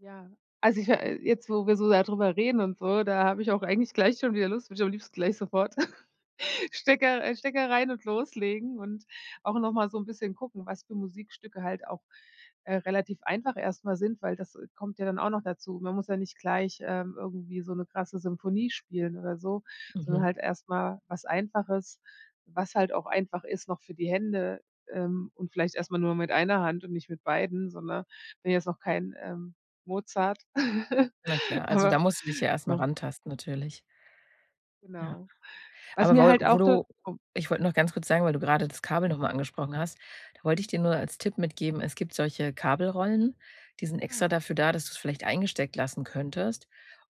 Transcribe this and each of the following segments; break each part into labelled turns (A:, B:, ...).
A: Ja, also, ich ma jetzt, wo wir so darüber reden und so, da habe ich auch eigentlich gleich schon wieder Lust, würde ich am liebsten gleich sofort Stecker, äh, Stecker rein und loslegen und auch noch mal so 'n bisschen gucken, was für Musikstücke halt auch, äh, relativ einfach erst mal sind, weil das, äh, kommt ja dann auch noch dazu. Man muss ja nicht gleich, ähm, irgendwie so 'ne krasse Symphonie spielen oder so, sondern
B: Mhm.
A: halt erst mal was Einfaches, was halt auch einfach ist noch für die Hände, ähm, und vielleicht erstmal nur mit einer Hand und nicht mit beiden, so, ne? Bin jetzt noch kein, ähm, Mozart.
B: Na klar, also da
A: Aber
B: musst du dich ja erst mal
A: so.
B: rantasten natürlich. Ja.
A: Genau. Was
B: Aber
A: mir
B: woll
A: halt
B: wo
A: auch du
B: du
A: [unintelligible]
B: ich wollte noch ganz kurz sagen, weil du gerade das Kabel noch mal angesprochen hast, da wollte ich
A: Mhm.
B: dir nur als Tipp mitgeben, es gibt solche Kabelrollen, die sind extra
A: Ah.
B: dafür da, dass du es vielleicht eingesteckt lassen könntest.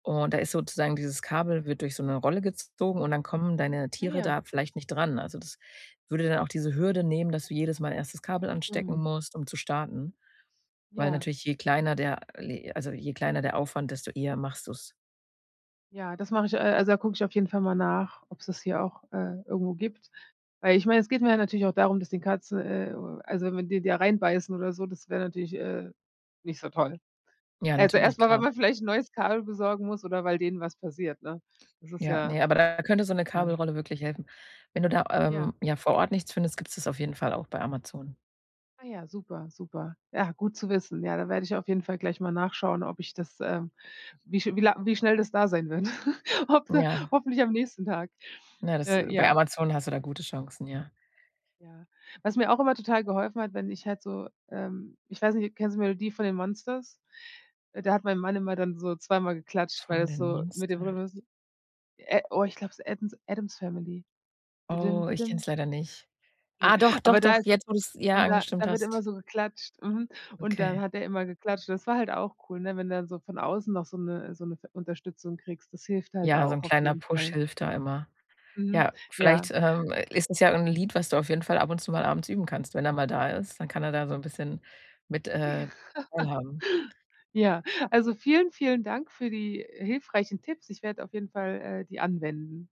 B: Und, da ist sozusagen dieses Kabel wird durch so 'ne Rolle gezogen und dann kommen deine
A: Ah
B: Tiere
A: ja.
B: da vielleicht nicht dran. Also, das würde dann auch diese Hürde nehmen, dass du jedes Mal erst das Kabel anstecken
A: Mhm.
B: musst, um zu starten. Weil
A: Ja.
B: natürlich, je kleiner der le also, je kleiner der Aufwand, desto eher machst du's.
A: Ja, das mache ich äh, also da gucke ich auf jeden Fall mal nach, ob es das hier auch, äh, irgendwo gibt. Weil ich meine, es geht mir ja natürlich auch darum, dass die Katze äh, also wenn die da reinbeißen oder so, das wäre natürlich, äh, nicht so toll.
B: Ja,
A: Also
B: natürlich,
A: erst mal, weil
B: klar.
A: man vielleicht 'n neues Kabel besorgen muss oder weil denen was passiert, ne? Das ist
B: Ja,
A: ja
B: ne, aber da könnte so 'ne
A: [unintelligible]
B: Kabelrolle wirklich helfen. Wenn du da, ähm,
A: Ja.
B: ja, vor Ort nichts findest, gibt's das auf jeden Fall auch bei Amazon.
A: Ah ja, super, super. Ja, gut zu wissen. Ja, da werde ich auf jeden Fall gleich mal nachschauen, ob ich das ähm, wie schn wie lang wie schnell das da sein wird. Hoffe
B: Ja.
A: hoffentlich am nächsten Tag.
B: Na, das
A: Äh,
B: bei
A: ja.
B: Amazon hast du da gute Chancen, ja.
A: Ja, was mir auch immer total geholfen hat, wenn ich halt so, ähm ich weiß nicht, kennst du die Melodie von den Monsters? Äh, da hat mein Mann immer dann so zweimal geklatscht, weil
B: Von
A: das
B: den
A: so mit dem
B: Monsters?
A: Rhythmus äh, oh, ich glaube, es ist Eddens Addams Family. Didim
B: Oh, ich kenne
A: didim.
B: es leider nicht.
A: Ne,
B: Ah, doch, doch,
A: aber da
B: doch,
A: ist es
B: jetzt, wo du es, ja,
A: und da
B: angestimmt
A: da wird immer
B: hast.
A: so geklatscht, mhm, und dann
B: Okay.
A: hat er immer geklatscht, und das war halt auch cool, ne? Wenn du dann so von außen noch so 'ne so 'ne ve Unterstützung kriegst, das hilft halt
B: Ja, so 'n
A: auch auf
B: kleiner
A: jeden
B: Push
A: Fall.
B: hilft da immer.
A: Mhm.
B: Ja,
A: Ja.
B: vielleicht, ähm, ist es ja irgend 'n Lied, was du auf jeden Fall ab und zu mal abends üben kannst. Wenn er mal da ist, dann kann er da so 'n bisschen mit, äh, teilhaben.
A: Ja, also vielen, vielen Dank für die hilfreichen Tipps. Ich werde auf jeden Fall, äh, die anwenden.